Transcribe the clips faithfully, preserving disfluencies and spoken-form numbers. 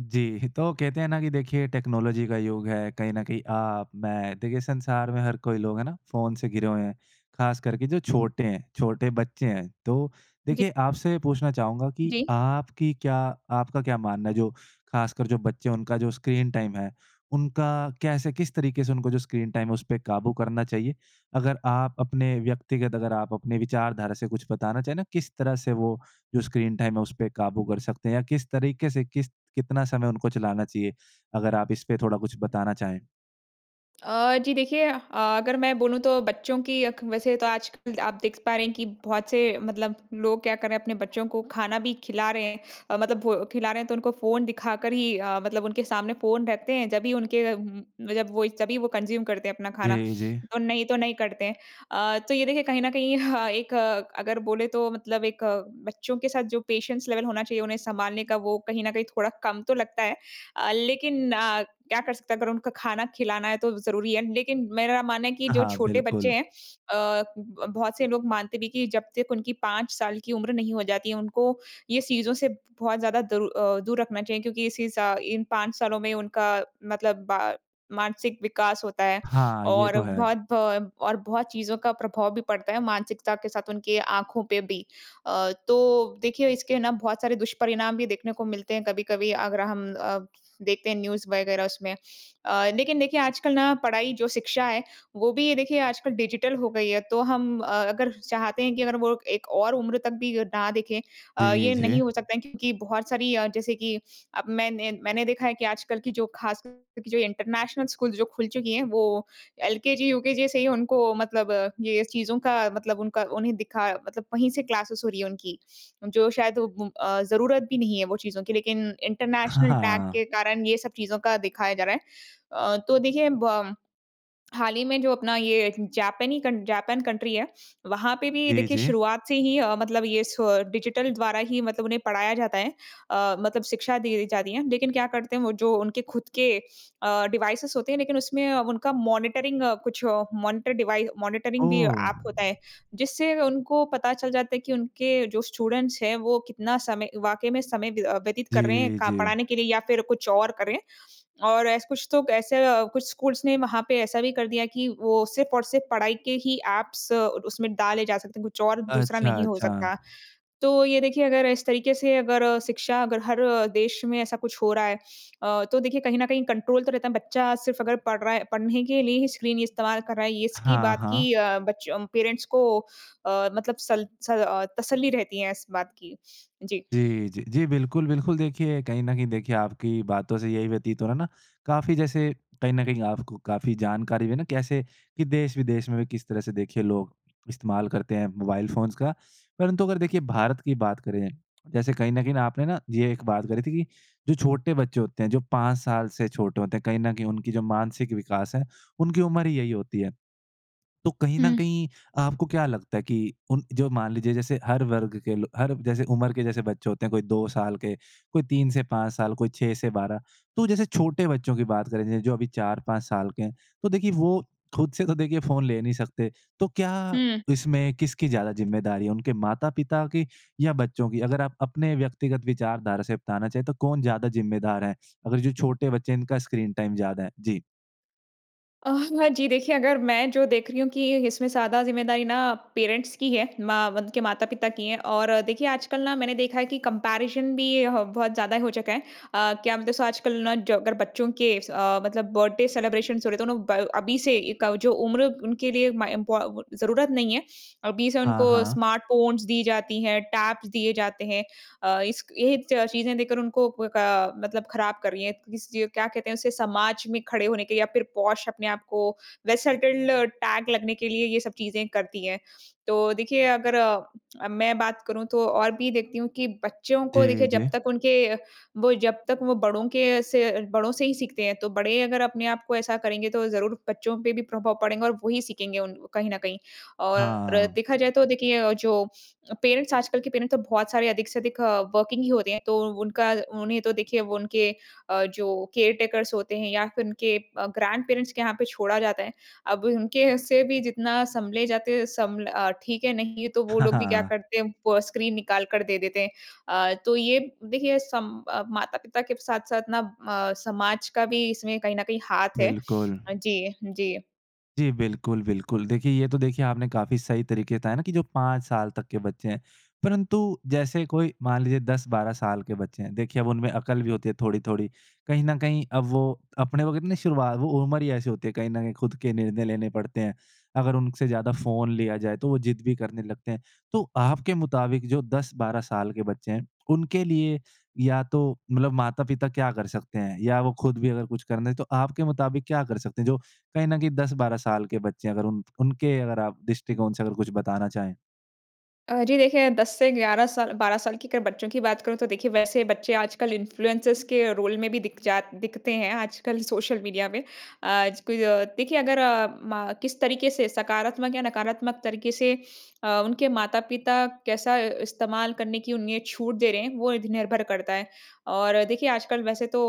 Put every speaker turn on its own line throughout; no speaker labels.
जी। तो कहते हैं ना कि देखिए, टेक्नोलॉजी का युग है। कहीं न कहीं आप, मैं, देखिए संसार में हर कोई लोग है ना फ़ोन से घिरे हुए है। खास करके जो छोटे है, छोटे बच्चे हैं। तो
जी।
देखिए आपसे पूछना चाहूँगा कि
जी।
आपकी क्या आपका क्या मानना है जो खासकर जो बच्चे है उनका जो स्क्रीन टाइम है, उनका कैसे किस तरीके से उनको जो स्क्रीन टाइम है उस पे काबू करना चाहिए? अगर आप अपने व्यक्तिगत अगर आप अपने विचारधारा से कुछ बताना चाहे ना किस तरह से वो जो स्क्रीन टाइम है उस पर काबू कर सकते हैं? या किस तरीके से किस कितना समय उनको चलाना चाहिए? अगर आप इसपे थोड़ा कुछ बताना चाहें?
अ, जी देखिए अ, अगर मैं बोलूँ तो बच्चों की अक वैसे तो आजकल आप देख पा रहे हैं कि बहुत से मतलब लोग क्या कर रहे हैं अपने बच्चों को खाना भी खिला रहे हैं। अ, मतलब भो खिला रहे हैं तो उनको फ़ोन दिखा कर ही अ, मतलब उनके सामने फ़ोन रहते हैं जब ही उनके अ, उम, जब वो तभी वो कंज़्यूम करते हैं अपना खाना।
जी, जी।
तो नहीं तो नहीं करते हैं। अ, तो ये देखिए कहीं न कहीं ह एक अगर बोले तो मतलब एक बच्चों के साथ जो पेशेंस लेवल होना चाहिए उन्हें सँभालने का वो कहीं न कहीं थोड़ा कम तो लगता है। अ, लेकिन अ, क्या कर सकते है अगर उनका खाना खिलाना है तो ज़रूरी है। लेकिन मेरा मानना है कि जो
हाँ,
छोटे बच्चे
बिल्कुल।
हैं, अ, उब अ, बहुत से लोग मानते भी कि जब तक उनकी पाँच साल की उम्र नहीं हो जाती है उनको ये चीज़ों से बहुत ज़्यादा दरू अ, दूर रखना चाहिए क्योंकि इसी सा इन पाँच सालों में उनका मतलब मानसिक विकास होता है।
हाँ, ये
और
तो है।
बहुत भ और बहुत चीज़ों का प्रभाव भी पड़ता है मानसिकता के साथ उनकी आँखों पे भी। अ, तो देखिए इसके ना बहुत सारे दुष्परिणाम भी देखने को मिलते हैं कभी-कभी, अगर हम अ, देखते हैं न्यूज़ वग़ैरह उसमें। अ, लेकिन देखिए आजकल ना पढ़ाई जो शिक्षा है, वो भी ये देखिए आजकल डिजिटल हो गई है। तो हम अ, अगर चाहते हैं कि अगर वो एक और उम्र तक भी अ, ना देखें। अ,
जी,
ये नहीं
जी।
हो सकता है क्योंकि बहुत सारी अ, जैसे कि अब मैं ने मैंने देखा है कि आजकल की जो खासकर की जो इंटरनेशनल स्कूल्स जो खुल चुकी हैं वो एलकेजी, यूकेजी से ही उनको मतलब ये स चीज़ों का मतलब उनका उन्हें दिखा मतलब वहीं से क्लासेज़ हो रही है उनकी। जो शायद उ उ अ, ज़रूरत भी नहीं है वो चीज़ों की लेकिन
ह
इंटरनेशनल टैग
हाँ।
के कारण ये सब चीज़ों का दिखाया जा रहा है। अ, तो देखिए बम हाल ही में जो अपना ये जापनी कन जापान कंट्री है। वहाँ पे भी
जी,
देखिए
जी।
शुरुआत से ही अ, मतलब ये स डिजिटल द्वारा ही मतलब उन्हें पढ़ाया जाता है। अ, मतलब शिक्षा दी जाती है। लेकिन क्या करते हैं वो जो उनके खुद के अ, डिवाइसेस होते हैं लेकिन उसमें अ, उनका मॉनिटरिंग कुछ मॉनिटर डिवाइस मॉनिटरिंग भी
ओह!
ऐप होता है। जिससे उनको पता चल जाता है कि उनके जो स्टूडेंट्स हैं वो कितना समय वाक़ई में समय व्य अ, व्यतीत कर रहे हैं
जी,
क
जी।
पढ़ाने के लिए या फिर कुछ और कर रहे हैं। और ऐस कुछ तो ऐसे अ, कुछ स्कूल्स ने वहाँ पे ऐसा भी कर दिया कि वो सिर्फ़ और सिर्फ़ पढ़ाई के ही ऐप्स और उसमें डाले जा सकते हैं कुछ और दूसरा
अच्छा,
नहीं हो
अच्छा।
सकता। तो ये देखिए अगर इस तरीके से अगर शिक्षा अगर हर देश में ऐसा कुछ हो रहा है, अ, तो देखिए कहीं न कहीं कंट्रोल तो रहता है। बच्चा सिर्फ़ अगर पढ़ रहा है, पढ़ने के लिए ही स्क्रीन इस्तेमाल कर रहा है इसकी
हाँ,
बात
हाँ।
की अ, बच अ, पेरेंट्स को अ, मतलब सल स अ, तसल्ली रहती है इस बात की। जी।
जी, जी। जी, बिल्कुल, बिल्कुल देखिए, कहीं न कहीं देखिए आपकी बातों से यही व्यतीत हो रहा है ना काफ़ी जैसे कहीं न कहीं आपको काफ़ी जानकारी भी है ना कैसे, कि देश-विदेश में भी किस तरह से देखिए लोग इस्तेमाल करते हैं मोबाइल फ़ोन्स का। परंतु अगर देखिए भारत की बात करें, जैसे कहीं न कहीं ना आपने ना ये एक बात करी थी कि जो छोटे बच्चे होते हैं जो पाँच साल से छोटे होते हैं कहीं न कहीं उनकी जो मानसिक विकास है, उनकी उम्र ही यही होती है। तो कहीं न
हुँ।
कहीं आपको क्या लगता है कि उन जो मान लीजिए जैसे हर वर्ग के लो हर जैसे उम्र के जैसे बच्चे होते हैं कोई दो साल के, कोई तीन से पाँच साल, कोई छह से बारह तो जैसे छोटे बच्चों की बात करें जैस जो अभी चार पाँच साल के है, तो देखिए वो खुद से तो देखिए फ़ोन ले नहीं सकते। तो क्या
हुँ।
इसमें किसकी ज़्यादा जिम्मेदारी है उनके माता-पिता की या बच्चों की? अगर आप अपने व्यक्तिगत विचारधारा से बताना चाहे तो कौन ज़्यादा ज़िम्मेदार है? अगर जो छोटे बच्चे हैं इनका स्क्रीन टाइम ज़्यादा है? जी।
अ, हाँ जी। देखिए अगर मैं जो देख रही हूँ कि इसमें ज़्यादा ज़िम्मेदारी ना पेरेंट्स की है। माँ वध के माता-पिता की है। और अ, देखिए आजकल ना मैंने देखा है कि कम्पैरिज़न भी ये ह बहुत ज़्यादा हो चुका है। अ, क्या मतलब स आजकल ना जो अगर बच्चों के स अ, मतलब बर्थडे सेलेब्रेशन्स हो रहे तो नु ब अभी से एक अ, जो उम्र उनके लिए माय इम्पौ वो ज़रूरत नहीं है, अभी से
हाँ,
उनको
हाँ।
स्मार्ट फ़ोन्स दी जाती हैं, टैब्स दिए जाते हैं। अ, इसक ये च चीज़ें देखकर उनको क का मतलब खराब कर रही हैं। किस ये क्या कहते हैं उसे, समाज में खड़े होने के लिए या फिर पोश अपने आप को वेसेलटेन्ड टैग लगने के लिए ये सब चीज़ें करती हैं। तो देखिए अगर अ, मैं बात करूँ तो और भी देखती हूँ कि बच्चों को देखिए
जी,
जब
जी।
तक उनके वो जब तक वो बड़ों के से बड़ों से ही सीखते हैं, तो बड़े अगर अपने आप को ऐसा करेंगे तो ज़रूर बच्चों पे भी प्रभाव पड़ेगा और वही सीखेंगे उन कहीं न कहीं। और
हाँ।
देखा जाए तो देखिए जो पेरेंट्स आजकल के पेरेंट्स तो बहुत सारे अधिक से अधिक अ, वर्कींग ही होते हैं। तो उनका उन्हें तो देखिए वो उनके अ, जो केयरटेकर्स होते हैं या फिर उनके ग्रैंडपेरेंट्स के यहाँ पे छोड़ा जाता है। अब अ, उनके से भी जितना संभले जाते हैं सम्भ्ल अ, ठीक है नहीं है तो वो लोग भी क्या
हाँ।
करते हैं, वो स्क्रीन निकाल कर दे देते हैं। अ, तो ये देखिए सम अ, माता-पिता के साथ-साथ ना म समाज का भी इसमें कहीं न कहीं हाथ है।
बिल्कुल।
जी। जी।
जी, बिल्कुल बिल्कुल। देखिए ये तो देखिए आपने काफ़ी सही तरीके से बताया ना की जो पाँच साल तक के बच्चे हैं। परन्तु जैसे कोई मान लीजिए दस बारह साल के बच्चे हैं, देखिए अब उनमें अकल भी होती है थोड़ी-थोड़ी। कहीं न कहीं अब वो अपने को कितने शुरुवात वो उम्र ही ऐसी होती है कहीं न कहीं खुद के निर्णय लेने पड़ते हैं। अगर उनसे ज़्यादा फ़ोन लिया जाए तो वो ज़िद भी करने लगते हैं। तो आपके मुताबिक जो दस बारह साल के बच्चे हैं उनके लिए या तो मतलब माता-पिता क्या कर सकते हैं? या वो खुद भी अगर कुछ करने तो आपके मुताबिक क्या कर सकते हैं? जो कहीं न कहीं दस बारह साल के बच्चे हैं अगर उन उनके अगर आप दृष्टिकोण से कुछ बताना चाहें।
अ, जी देखिए, दस से ग्यारह साल बारह साल की अगर बच्चों की बात करूँ, तो देखिए, वैसे बच्चे आजकल इन्फ़लुएनसर्स के रोल में भी दिख जा दिखते हैं आजकल सोशल मीडिया में। आज क अ, देखिए अगर अ, मा किस तरीके से सकारात्मक या नकारात्मक तरीके से अ, उनके माता-पिता कैसा इस्तेमाल करने की उन्हें छूट दे रहे हैं वो इध निर्भर करता है। और देखिए, आजकल वैसे तो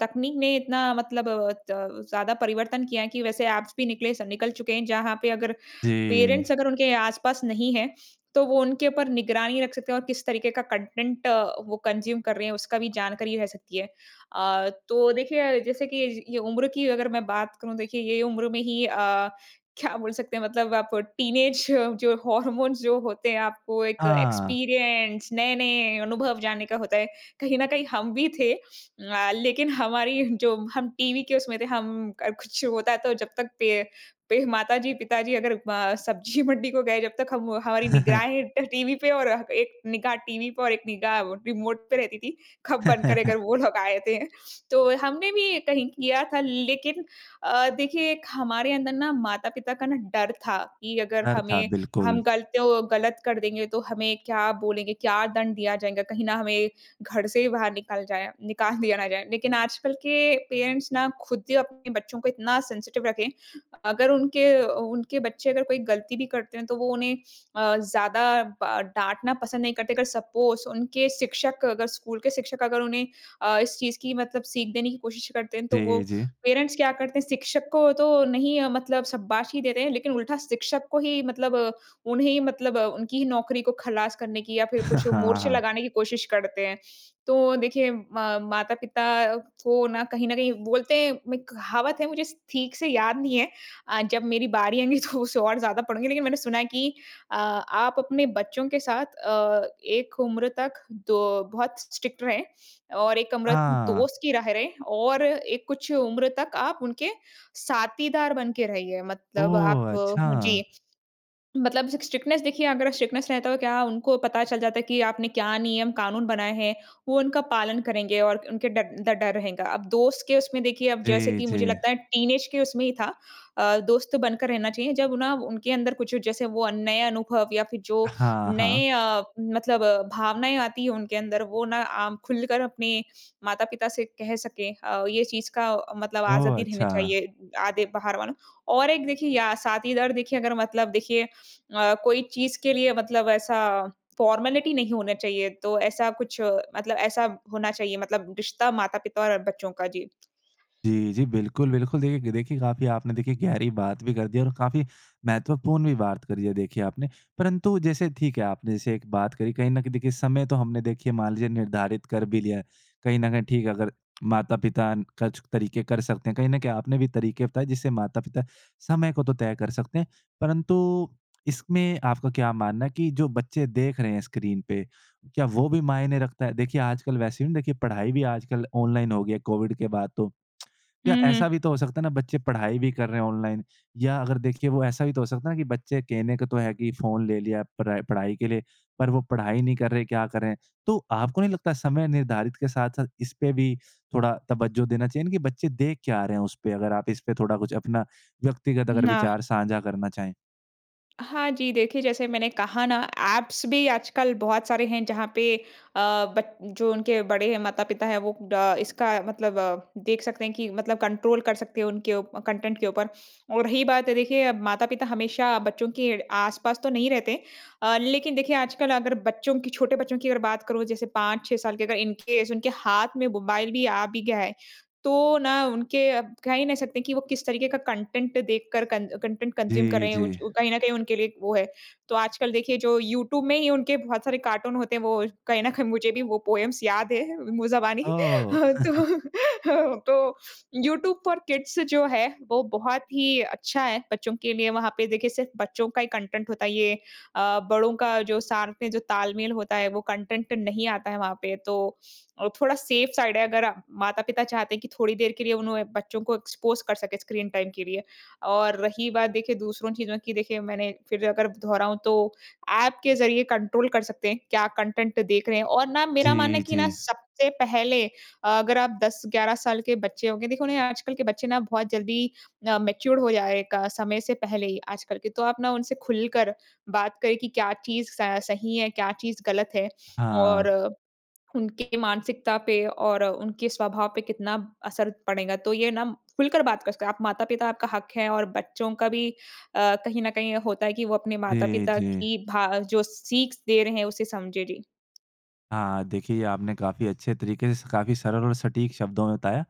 तकनीक ने इतना मतलब अ, त ज़्यादा परिवर्तन किया है कि वैसे एप्स भी निकले स निकल चुके हैं जहाँ पे अगर
जी।
पेरेंट्स अगर उनके आस-पास नहीं हैं, तो वो उनके ऊपर निगरानी रख सकते हैं और किस तरीके का कंटेंट अ, वो कंज़्यूम कर रहे हैं, उसका भी जानकारी रह सकती है। अ, तो देखिए, जैसे कि ये उम्र की अगर मैं बात करूँ, देखिए ये उम्र में ही अ, क्या बोल सकते हैं? मतलब आप टीनेज जो हॉर्मोन्स जो होते हैं आपको एक
हाँ।
एक्सपीरियंस नए-नए अनुभव जानने का होता है। कहीं न कहीं हम भी थे अ, लेकिन हमारी जो हम टीवी के उसमें थे हम क कुछ होता तो जब तक पे पे माताजी-पिताजी अगर म सब्ज़ी मंडी को गए जब तक हम हमारी निगराहें ट टीवी पे और एक निगाह टीवी पर और एक निगाह रिमोट पे रहती थी, कब बंद करें अगर वो लोग आए ते हैं? तो हमने भी कहीं किया था लेकिन अ, देखिए एक हमारे अंदर ना माता-पिता का ना डर था कि अगर
डर था,
हमें
बिल्कुल।
हम गलतो गलत कर देंगे तो हमें क्या बोलेंगे? क्या दंड दिया जाएगा? कहीं ना हमें घर से ही बाहर निकल जाएँ निकाल दिया ना जाए। लेकिन आजकल के पेरेंट्स ना खुद ही अपने बच्चों को इतना सेंसिटिव रखे हैं। अगर उनके अ, उ उनके बच्चे अगर कोई गलती भी करते हैं तो वो उन्हें अ, ज़्यादा बा डाँटना पसंद नहीं करते। अगर सपोज़ उनके शिक्षक अगर स्कूल के शिक्षक अगर उन्हें अ, इस चीज़ की मतलब सीख देने की कोशिश करते हैं, तो वो
जी, जी।
पेरेंट्स क्या करते हैं, शिक्षक को तो नहीं मतलब शाबाशी देते हैं लेकिन उल्टा शिक्षक को ही मतलब उन्हें ही मतलब उनकी ही नौकरी को खलास करने की या फिर कुछ
हाँ,
मोर्चे
हाँ।
लगाने की कोशिश करते हैं। तो देखिए म माता-पिता को ना कहीं न कहीं बोलते हैं मैं कहावत है मुझे स ठीक से याद नहीं है अ, जब मेरी बारी आएँगी तो उसे और ज़्यादा पढ़ूँगी। लेकिन मैंने सुना है कि अ, आप अपने बच्चों के साथ अ, एक उम्र तक द बहुत स्ट्रिक्ट रहें और एक उम्र
हाँ।
दोस्त की रह रहें और एक कुछ उम्र तक आप उनके साथीदार बन के रहिए, मतलब आप
ओह!
जी।
अच्छा।
मतलब सिक स्ट्रिक्टनेस देखिए अगर स्ट्रिक्टनेस रहता तो क्या उनको पता चल जाता है कि आपने क्या नियम-कानून बनाए हैं? वो उनका पालन करेंगे और क उनके ड ड डर रहेगा। अब दोस्त के उसमें देखिए, अब जैसे
जी,
कि मुझे
जी।
लगता है टीनेज के उसमें ही था अ, दोस्त बनकर रहना चाहिए। जब ना उनके अंदर कुछ जैसे वो अ, नए अनुभव या फिर जो
हाँ, हाँ।
नए अ, मतलब भावनाएँ आती हैं उनके अंदर, वो ना आम खुलकर अपने माता-पिता से कह सकें। अ, ये चीज़ का मतलब
ओह!
आज़ादी रहना
अच्छा।
चाहिए। आधे बाहर वालों और एक देखिए या साथीदार देखिए अगर मतलब देखिए अ, कोई चीज़ के लिए मतलब ऐसा फॉर्मेलिटी नहीं होना चाहिए, तो ऐसा कुछ मतलब ऐसा होना चाहिए मतलब रिश्ता माता-पिता और बच्चों का। जी।
जी, जी, बिल्कुल, बिल्कुल। देख देखिए, काफ़ी आपने देखिए गहरी बात भी कर दी है और काफ़ी महत्वपूर्ण भी बात करी है, देखिए आपने। परंतु जैसे ठीक है, आपने जैसे एक बात करी। कहीं न कहीं देखिए, समय तो हमने देखिए मान लीजिए निर्धारित कर भी लिया है। कहीं न कहीं ठीक है, अगर माता-पिता न कछ तरीके कर सकते हैं। कहीं न कहीं आपने भी तरीके बताए जिससे माता-पिता समय को तो तय कर सकते हैं। परंतु इसमें आपका क्या मानना है कि जो बच्चे देख रहे हैं स्क्रीन पे, क्या वो भी मायने रखता है? देखिए, आजकल वैसे भी देखिए पढ़ाई भी आजकल ऑनलाइन हो गई है कोविड के बाद तो।
हुँ,
या ऐसा भी
हुँ।
तो हो सकता है ना बच्चे पढ़ाई भी कर रहे हैं ऑनलाइन या अगर देखिए, वो ऐसा भी तो हो सकता है ना कि बच्चे कहने को तो है कि फ़ोन ले लिया परै पढ़ाई के लिए, पर वो पढ़ाई नहीं कर रहे, क्या करें? तो आपको नहीं लगता समय निर्धारित के साथ-साथ इसपे भी थोड़ा तवज्जो देना चाहिए ना कि बच्चे देख क्या रहे हैं उसपे? अगर आप इसपे थोड़ा कुछ अपना व्यक्तिगत अगर
हुँ, हाँ।
विचार साझा करना चाहें।
हाँ जी, देखिए जैसे मैंने कहा ना, ऐप्स भी आजकल बहुत सारे हैं जहाँ पे अ, बट जो उनके बड़े हैं माता-पिता हैं, वो ड इसका मतलब देख सकते हैं कि मतलब कंट्रोल कर सकते हैं उनके उ कंटेंट के ऊपर। और रही बात है, देखिए माता-पिता हमेशा बच्चों के आसपास तो नहीं रहते अ, लेकिन देखिए आजकल अगर बच्चों की छोटे बच्चों की अगर बात करूँ, जैसे पाँच छः साल के, अगर इन केस उनके हाथ में मोबाइल भी आ भी गया है, तो ना उनके अ, कह ही नहीं सकते कि वो किस तरीके का कंटेंट देखकर कन कंटेंट कंज्यूम कर
जी,
रहे हैं, वो
जी।
जो कहीं न कहीं उनके लिए एक वो है। तो आजकल देखिए, जो यूट्यूब में ही उनके बहुत सारे कार्टून होते हैं, वो कहीं न कहीं मुझे भी वो पोएम्स याद हैं मुँह ज़बानी।
ओह!
तो तो यूट्यूब पर किड्स जो है, वो बहुत ही अच्छा है। बच्चों के लिए वहाँ पे देखिए सिर्फ़ बच्चों का ही कंटेंट होता है। ये अ, बड़ों का जो साथ में जो तालमेल होता है, वो कंटेंट नहीं आता है वहाँ पे। तो अ, थोड़ा सेफ साइड है अगर माता-पिता चाहते हैं कि थोड़ी देर के लिए उन्हें बच्चों को एक्सपोज कर सकें स्क्रीन टाइम के लिए। और रही बात देखिए दूसरों चीज़ों की देखिए मैंने फिर अगर दोहराऊँ, तो ऐप के ज़रिए कंट्रोल कर सकते हैं। क्या कंटेंट देख रहे हैं। और ना मेरा मानना
जी,
है कि ना
जी।
सबसे पहले अगर आप दस ग्यारह साल के बच्चे होंगे, देखो ना ये आजकल के बच्चे ना बहुत जल्दी अ, मैच्योर हो जा रहे हैं का समय से पहले ही, आजकल के। तो आप ना उनसे खुलकर बात करें कि क्या चीज़ स सही है, क्या चीज़ गलत है और
हाँ।
उनके मानसिकता पे और उनके स्वभाव पे कितना असर पड़ेगा। तो ये नम खुलकर बात कर सकते, आप माता-पिता, आपका हक है और बच्चों का भी अ, कहीं न कहीं होता है कि वो अपने
जी,
माता-पिता
जी।
की भा जो सीख दे रहे हैं उसे समझे, जी।
हाँ, देखिए, ये आपने काफ़ी अच्छे तरीके से काफ़ी सरल और सटीक शब्दों में बताया।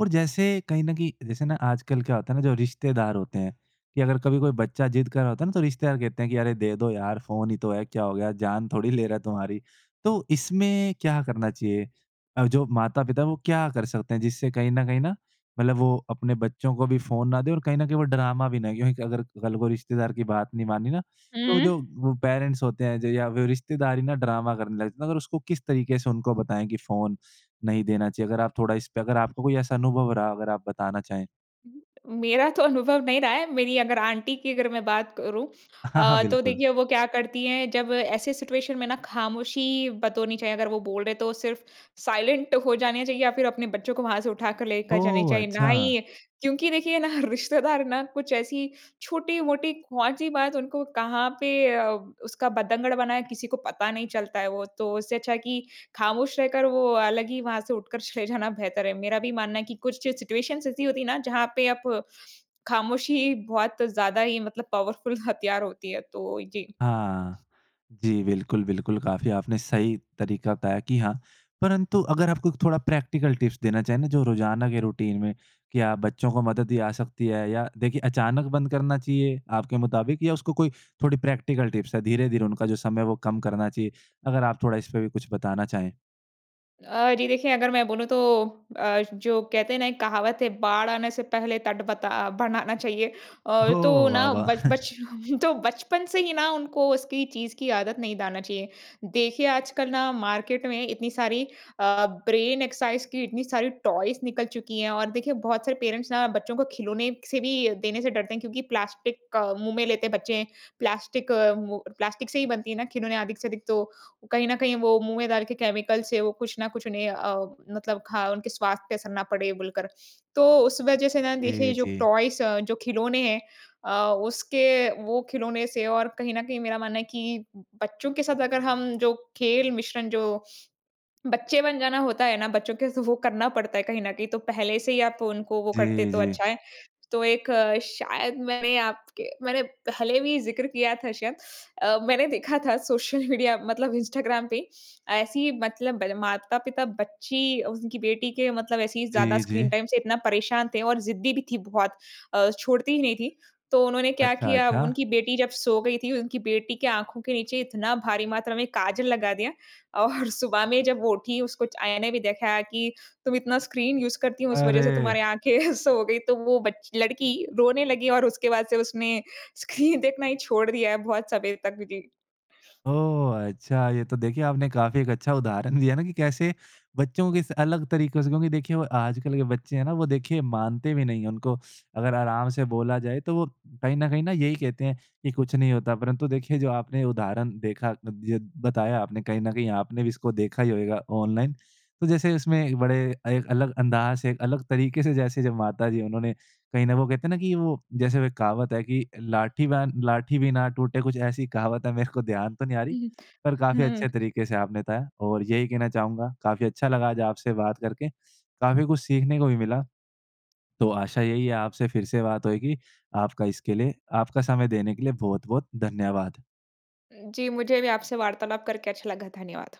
और जैसे कहीं न कहीं जैसे ना आजकल क्या होता है ना, जो रिश्तेदार होते हैं कि अगर कभी कोई बच्चा ज़िद कर रहा होता है ना तो रिश्तेदार कहते हैं कि, "अरे दे दो यार, फ़ोन ही तो है। क्या हो गया? जान थोड़ी ले रहा है तुम्हारी।" तो इसमें क्या करना चाहिए? और जो माता-पिता हैं, वो क्या कर सकते हैं? जिससे कहीं न कहीं ना मतलब वो अपने बच्चों को भी फ़ोन ना दें और कहीं न कहीं वो ड्रामा भी नहीं क्योंकि अगर कल को रिश्तेदार की बात नहीं मानी ना, तो जो
हुँ।
वो पेरेंट्स होते हैं जो या फिर रिश्तेदार ही ना ड्रामा करने लगते हैं तो फिर उसको किस तरीके से उनको बताएँ कि फ़ोन नहीं देना चाहिए। अगर आप थोड़ा इसपे अगर आपको कोई ऐसा अनुभव रहा, अगर आप बताना चाहें।
हुँ, हुँ। मेरा तो अनुभव नहीं रहा है। मेरी अगर आंटी की अगर मैं बात करूँ
हाँ, हाँ,
अ, तो
बिल्कुल।
देखिए वो क्या करती हैं, जब ऐसे सिचुएशन में ना ख़ामोशी बतोरनी चाहिए। अगर वो बोल रहे हैं तो सिर्फ़ साइलेंट हो जाने चाहिए या फिर अपने बच्चों को वहाँ से उठाकर लेकर जाने
ओह!
चाहिए। ना ही
अच्छा।
क्योंकि देखिए ना रिश्तेदार ना कुछ ऐसी छोटी-मोटी कौन-सी बात उनको कहाँ पे अ, उसका बतंगड़ बनाए, किसी को पता नहीं चलता है वो। तो उससे अच्छा है कि खामोश रहकर वो अलग ही वहाँ से उठकर चले जाना बेहतर है। मेरा भी मानना है कि कुछ चे सिचुएशंस ऐसी होती हैं ना जहाँ पे आप ख़ामोशी बहुत ज़्यादा ही मतलब पावरफुल हथियार होती है, तो जी।
हाँ। जी, बिल्कुल, बिल्कुल, काफ़ी आपने सही तरीका बताया कि हाँ। परंतु अगर आपको एक थोड़ा प्रैक्टिकल टिप्स देना चाहें ना जो रोज़ाना के रूटीन में, क्या बच्चों को मदद ही जा सकती है या देखिए, अचानक बंद करना चाहिए आपके मुताबिक या उसको कोई थोड़ी प्रैक्टिकल टिप्स है, धीरे-धीरे उनका जो समय है वो कम करना चाहिए? अगर आप थोड़ा इसपे भी कुछ बताना चाहें।
अ, जी देखिए अगर मैं बोलूँ तो अ, जो कहते हैं ना एक कहावत है, "बाढ़ आने से पहले तट बता अ, बनाना चाहिए।" अ,
ओहो!
तो
वाह,
ना
वाह!
बच बचपन तो बचपन से ही ना उनको उसकी चीज़ की आदत नहीं डालना चाहिए। देखिए आजकल ना मार्केट में इतनी सारी अ, ब्रेन-एक्सरसाइज़ की इतनी सारी टॉयज़ निकल चुकी हैं और देखिए बहुत सारे पेरेंट्स ना बच्चों को खिलौने से भी देने से डरते हैं क्योंकि प्लास्टिक, मुँह में लेते बच्चे। प्लास्टिक अ, वो प्लास्टिक से ही बनती है ना खिलौने अधिक से अधिक तो। कहीं न कहीं वो मुँह में डाल के केमिकल से वो कुछ न कुछ उन्हें अ, मतलब ख उनके स्वास्थ्य पे असर ना पड़े बोलकर। तो उस वजह से ना देखिए
जी,
जो
जी।
टॉयज़ जो खिलौने हैं अ, उसके वो खिलौने से और कहीं न कहीं मेरा मानना है कि बच्चों के साथ अगर हम जो खेल मिश्रण जो बच्चे बन जाना होता है ना? बच्चों के स वो करना पड़ता है कहीं न कहीं। तो पहले से ही आप उनको वो करते
जी,
तो
जी।
अच्छा है। तो एक, शायद मैंने आपके मैंने पहले भी ज़िक्र किया था शायद। अ, मैंने देखा था सोशल मीडिया मतलब इंस्टाग्राम पे, ऐसे ही मतलब बल माता-पिता बच्ची अज़ उनकी बेटी के मतलब ऐसे ही ज़्यादा
जी, जी।
स्क्रीन टाइम से इतना परेशान थे और ज़िद्दी भी थी बहुत। अ, छोड़ती ही नहीं थी। तो उन्होंने क्या
अच्छा,
किया?
अच्छा।
उनकी बेटी जब सो गई थी उनकी बेटी के आँखों के नीचे इतना भारी मात्रा में काजल लगा दिया और सुबह में जब वो उठी उसको च आयने भी दिखाया कि तुम इतना स्क्रीन यूज़ करती हो उस वजह से
अरे!
तुम्हारी आँखें सो गई, तो वो बच्च लड़की रोने लगी और उसके बाद से उसने स्क्रीन देखना ही छोड़ दिया है बहुत समय तक। जी।
ओह! अच्छा। ये तो देखिए आपने काफ़ी एक अच्छा उदाहरण दिया ना कि कैसे बच्चों की स अलग तरीकों से क्योंकि देखिए वो आजकल के बच्चे हैं ना वो देखिए मानते भी नहीं है। उनको अगर आराम से बोला जाए तो वो कहीं न कहीं ना यही कहते हैं कि कुछ नहीं होता। परंतु देखिए जो आपने उदाहरण देखा अद यद बताया आपने कहीं न कहीं आपने भी इसको देखा ही होएगा ऑनलाइन। तो जैसे उसमें एक बड़े एक अलग अंदाज़ से एक अलग तरीके से जैसे जब माता जी उन्होंने कहीं ना वो कहते हैं ना कि वो जैसे वो एक कहावत है कि, "लाठी बैन लाठी भी ना टूटे" कुछ ऐसी कहावत है मेरे को ध्यान तो नहीं आ
उ
रही। पर
हुँ,
काफ़ी
हाँ।
अच्छे तरीके से आपने बताया। और यही कहना चाहूँगा काफ़ी अच्छा लगा आज आपसे बात करके। काफ़ी कुछ सीखने को भी मिला। तो आशा यही है आपसे फिर से बात होएगी। आपका इसके लिए आपका समय देने के लिए बहुत-बहुत धन्यवाद।
अ, जी। मुझे भी आपसे वार्तालाप करके अच्छा लगा। धन्यवाद।